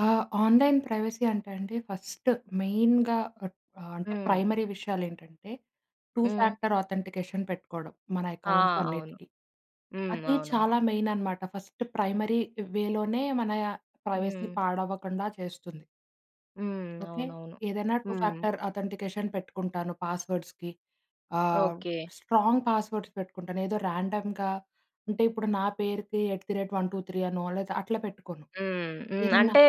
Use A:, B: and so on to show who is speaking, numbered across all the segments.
A: ఆ! Online privacy అంటే అండి ఫస్ట్ మెయిన్‌గా పట్ ఆహ్, అంటే
B: హ్మ్.
A: ప్రైమరీ విషయాలేంటంటే టూ
B: హ్మ్.
A: ఫ్యాక్టర్ ఆథెంటికేషన్ పెట్టుకోడం, మన
B: ఆ!
A: అకౌంట్స్
B: అవును.
A: అన్నిటికి.
B: హ్మ్.
A: అది
B: అవునవును.
A: చాలా మెయిననమాట. ఫస్ట్ ప్రైమరీ వేలోనే మన ప్రైవసీ
B: హ్మ్.
A: పాడవ్వకండా చేస్తుంది.
B: హ్మ్.
A: ఓకే.
B: అవునవును.
A: ఏదైనా టూ
B: హ్మ్.
A: ఫ్యాక్టర్ అథెంటికేషన్ పెట్టుకుంటాను, పాస్‌వర్డ్స్‌కి. ఆహ్,
B: ఓకే.
A: స్ట్రాంగ్ పాస్‌వర్డ్స్‌ పెట్టుకుంటాను. ఏదో రాండమ్‌గా అంటే ఇప్పుడు నా పేరుకి ఎట్ ద రేట్ 1, 2, 3 అనో లేతే అట్లా పెట్టుకోను.
B: హ్మ్. హ్మ్.
A: ఏదన్నా
B: అంటే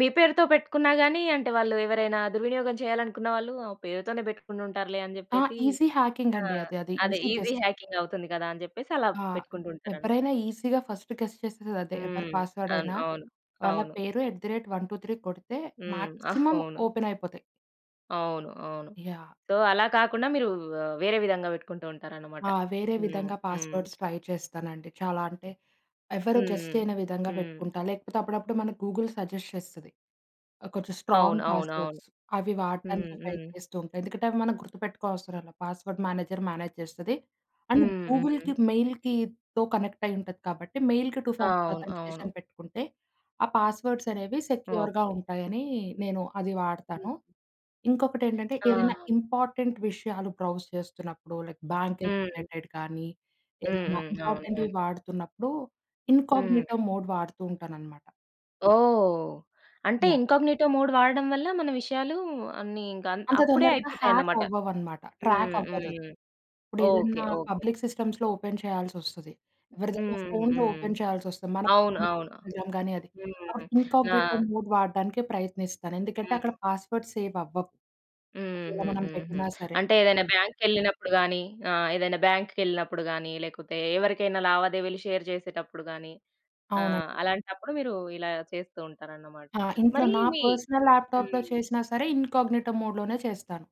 B: మీ పేరుతో పెట్టుకున్న గాని అంటే వాళ్ళు ఎవరైనా దుర్వినియోగం చేయాలనుకున్న వాళ్ళు ఆ పేరుతోనే పెట్టుకుంట ఉంటారులే అని
A: ఆ!
B: చెప్పేసి,
A: ఈజీ హ్యాకింగ్
B: ఆ!
A: అండి అది. అది
B: అదే
A: ఈజీ
B: ఈజీ
A: గెస్
B: హ్యాకింగ్ అవుతుంది కదా! అని చెప్పేసి అలా
A: ఆ!
B: పెట్టుకుంటూ ఉంటారన్
A: ఎవ్వరైనా
B: ఓకె.
A: ఈజీగా ఫస్టు గెస్ చేసేది అదే. ఎవ్వరి
B: హ్మ్.
A: పాస్‌వర్డ్
B: అన్
A: అయినా
B: అవును.
A: వాళ్ళ
B: అవును.
A: పేరు ఎట్ ద రేట్ 1, 2, 3 కొడితే
B: హ్మ్.
A: మాక్సిమం
B: అవును.
A: ఓపెనయిపోతాయి.
B: అవును. అవును.
A: యాహ్!
B: సో, అలా కాకుండా మీరు ఆహ్, వేరే విధంగా పెట్టుకుంటూ ఉంటారనమాట.
A: ఆ! వేరే
B: హ్మ్.
A: విధంగా
B: హ్మ్.
A: పాస్‌వర్డ్స్‌ ట్రై చేస్తానండి. చాలా అంటే ఎవ్వరు గెస్
B: హ్మ్.
A: చేయని విధంగా
B: హ్మ్.
A: పెట్టుకుంటా. లేకపోతే అప్పుడప్పుడు మన గూగుల్ సజెస్ట్ చేస్తది. కొంచెం
B: అవును.
A: స్ట్రాంగ్
B: అవును. అవును.
A: పాస్‌వర్డ్స్‌. అవి
B: హ్మ్.
A: వాడటానికి ట్రై
B: హ్మ్.
A: చేస్తూ ఉంటా. ఎందుకంటే అవి మనం గుర్తుపెట్టుకో అవసరం లేదు. పాస్‌వర్డ్ మేనేజర్ మేనేజ్ చేస్తది. అండ్
B: హ్మ్.
A: గూగుల్‌కి,
B: హ్మ్.
A: మెయిల్‌కితో కనెక్టయి ఉంటది కాబట్టి మెయిల్‌కి టూ
B: ఆ!
A: ఫామర్
B: అవును. అవును.
A: ఆథెంటికేషన్ పెట్టుకుంటే, ఆ పాస్‌వర్డ్స్‌ అనేవి సెక్యూర్‌గా
B: ఓకే.
A: ఉంటాయనీ నేను అది
B: హ్మ్.
A: వాడతాను. ఇంకొకటేంటంటే
B: ఆ!
A: ఏదైనా ఇంపార్టెంట్ విషయాలు బ్రౌజ్ చేస్తున్నప్పుడు లైక్ బ్యాంకింగ్
B: హ్మ్.
A: రిలేటెడ్ కానీ
B: హ్మ్.
A: ఏదైనా
B: హ్మ్. అవును.
A: ఇంపార్టెంట్‌వి
B: అవును.
A: వాడుతున్నప్పుడు
B: హ్మ్.
A: ఇన్‌కాగ్‌నిటో మోడ్ వాడుతూ ఉంటాననమాట.
B: ఓహ్! అంటే
A: యాహ్!
B: ఇన్‌కాగ్‌నిటో మోడ్ వాడడం వల్ల మన విషయాలు అన్ని ఇంక అన్
A: అంత
B: అప్పుడే
A: తొందరగా హ్యాక్
B: అయిపోతాయనమాట.
A: అవ్వవన మాట. ట్రాక్
B: హ్మ్.
A: అవ్వదది.
B: హ్మ్.
A: ఇప్పుడు ఏదన్నా
B: ఓకే. ఓకే.
A: పబ్లిక్ సిస్టమ్స్‌లో ఓపెన్ చేయాల్సొస్తది. ఎవరిదన్నా
B: హ్మ్.
A: ఫోన్‌లో
B: హ్మ్.
A: ఓపెన్ చేయాల్సొస్తది. మన
B: అవును. అవును.
A: [unintelligible] గానీ అది,
B: హ్మ్.
A: అప్పుడు
B: ఆ!
A: ఇన్‌కాగ్‌నిటో మోడ్ వాడడానికే ప్రయత్నిస్తాను. ఎందుకంటే అక్కడ
B: హ్మ్.
A: పాస్‌వర్డ్స్‌ సేవవ్వవు. ఒకవేళ
B: హుహు.
A: మనం
B: హుహు.
A: పెట్టినా సరే.
B: అంటే ఏదైనా బ్యాంక్‌కెళ్ళినప్పుడు గాని ఆహ్, ఏదైనా బాంక్‌కెళ్ళినప్పుడు గాని లేకపోతే ఎవరికైనా లావాదేవీలు షేర్ చేసేటప్పుడు గాని ఆహ్,
A: అవునండి.
B: అలాంటప్పుడు మీరు ఇలా చేస్తూ ఉంటారనమాట.
A: ఆ! ఇంట్లో
B: మరీ
A: నా
B: మీ
A: పర్సనల్ ల్యాప్‌టాప్‌లో
B: హ్మ్.
A: చేసినా సరే ఇన్‌కాగ్‌నిటో మోడ్‌లోనే చేస్తాను.